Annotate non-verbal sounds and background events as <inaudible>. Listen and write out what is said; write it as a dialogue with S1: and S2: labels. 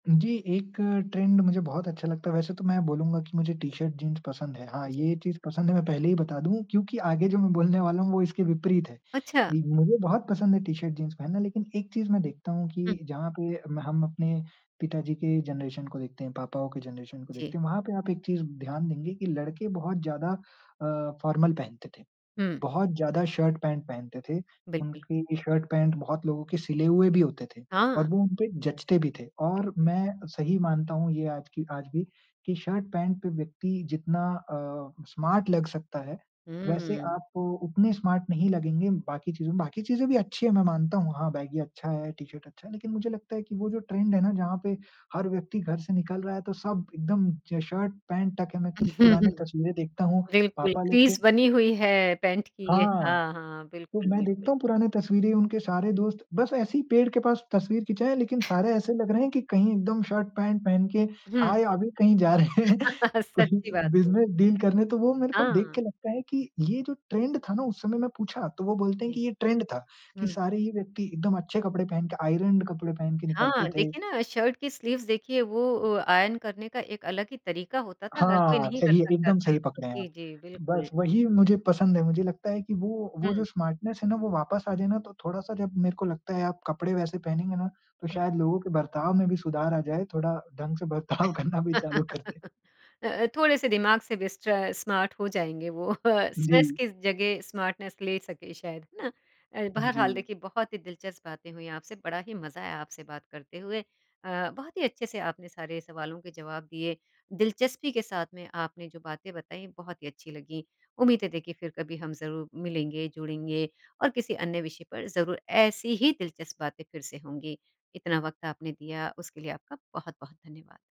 S1: जी, एक ट्रेंड मुझे बहुत अच्छा लगता है। वैसे तो मैं बोलूँगा कि मुझे टी-शर्ट जीन्स पसंद है। हाँ, ये चीज़ पसंद है मैं पहले ही बता दूँ क्योंकि आगे जो मैं बोलने वाला हूँ वो इसके विपरीत है।
S2: अच्छा।
S1: मुझे बहुत पसंद है टी-शर्ट जीन्स पहनना, लेकिन एक चीज़ मैं देखता हूँ कि
S2: हुँ।
S1: जहाँ पे मैं हम अपने पिताजी के जनरेशन को देखते हैं, पापाओं के जनरेशन को
S2: जी।
S1: देखते हैं। वहाँ पे आप एक चीज़ ध्यान देंगे की लड़के बहुत ज़्यादा अ, फॉर्मल पहनते थे,
S2: हुँ।
S1: बहुत ज़्यादा शर्ट पैंट पहनते थे। उनकी शर्ट पैंट बहुत लोगों के सिले हुए भी होते थे और
S2: हाँ।
S1: वो उनपे जचते भी थे और
S2: बिल्कुल।
S1: मैं सही मानता हूँ ये आज की आज भी कि शर्ट पैंट पे व्यक्ति जितना अ, स्मार्ट लग सकता है, वैसे
S2: हुँ।
S1: आप उतने स्मार्ट नहीं लगेंगे बाकी चीजों में बाकी चीज़ें भी अच्छी है मैं मानता हूँ। हाँ, बैगी अच्छा है, टी-शर्ट अच्छा है लेकिन मुझे लगता है कि वो जो ट्रेंड है ना? जहाँ पे हर व्यक्ति घर से निकल रहा है तो सब एकदम ज शर्ट पैंट टक है। मैं क्य पुरानी
S2: <chuckles>
S1: तस्वीरें देखता हूँ।
S2: बिल्कुल,
S1: पापा लोग के
S2: क्रीज़ बनी हुई है, पैंट की।
S1: हाँ।
S2: हाँ, हाँ।
S1: तो
S2: बिल्कुल,
S1: मैं
S2: बिल्कुल।
S1: देखता हूँ पुरानी तस्वीरें उनके सारे दोस्त, बस ऐसे ही पेड़ के पास तस्वीर खिचाया। लेकिन सारे
S2: <chuckles>
S1: ऐसे लग रहे हैं कि कहीं एकदम शर्ट पैंट पहन के
S2: हुँ।
S1: आए, अभी कहीं जा रहे हैं।
S2: <chuckles>
S1: कोई
S2: सच्ची बात है।
S1: बिज़नस डील करने तो वो मेरे को देख
S2: हाँ।
S1: के लगता है कि ये जो ट्रेंड था ना उस समय। मैं पूछा, तो वो बोलते हैं
S2: जी।
S1: कि ये ट्रेंड था कि
S2: हुँ।
S1: सारे ही व्यक्ति एकदम अच्छे कपड़े पहन के, आयरन्ड कपड़े पहन के निकलते
S2: हाँ,
S1: थे।
S2: देखिए ना शर्ट की स्लीव्स देखिए, वो ओ आयन करने का एक अलग ही तरीका होता था। हर कोई
S1: हाँ।
S2: नहीं कर
S1: सही है
S2: सकता
S1: एकदम
S2: था।
S1: सही पकड़े हैं आप।
S2: जी, जी। बिल्कुल।
S1: बस वही मुझे पसंद है। मुझे लगता है कि वो वो जो
S2: हुँ।
S1: स्मार्टनेस है ना? वो वापस आ जाए ना, तो थोड़ा सा जब मेरे को लगता है, आप कपड़े वैसे पहनेंगे ना तो
S2: हुँ।
S1: शायद लोगों के बर्ताव में भी सुधार आ जाए। थोड़ा, ढंग से बर्ताव करना भी चालू कर दे।
S2: <laughs> अ, अ, थोड़े से दिमाग से स्ट्र स्मार्ट हो जाएँगे वो स्ट्रेस
S1: जी।
S2: की जगह स्मार्टनैस ले सके शायद। है ना? अ,
S1: हुँ,
S2: बहरहाल
S1: जी।
S2: देखिए, बहुत ही दिलचस्प बातें हुई आपसे। बड़ा ही मज़ा आया आपसे बात करते हुए। अ, बहुत ही अच्छे से आपने सारे सवालों के जवाब दिए। दिलचस्पी के साथ में आपने जो बातें बताई, बहुत ही अच्छी लगी। उम्मीद है देखिए, फिर कभी हम ज़रूर मिलेंगे, जुड़ेंगे और किसी अन्य विषय पर ज़रूर ऐसी ही दिलचस्प बातें फिर से होंगी। इतना वक्त आपने दिया उसके लिए आपका बहुत-बहुत धन्यवाद।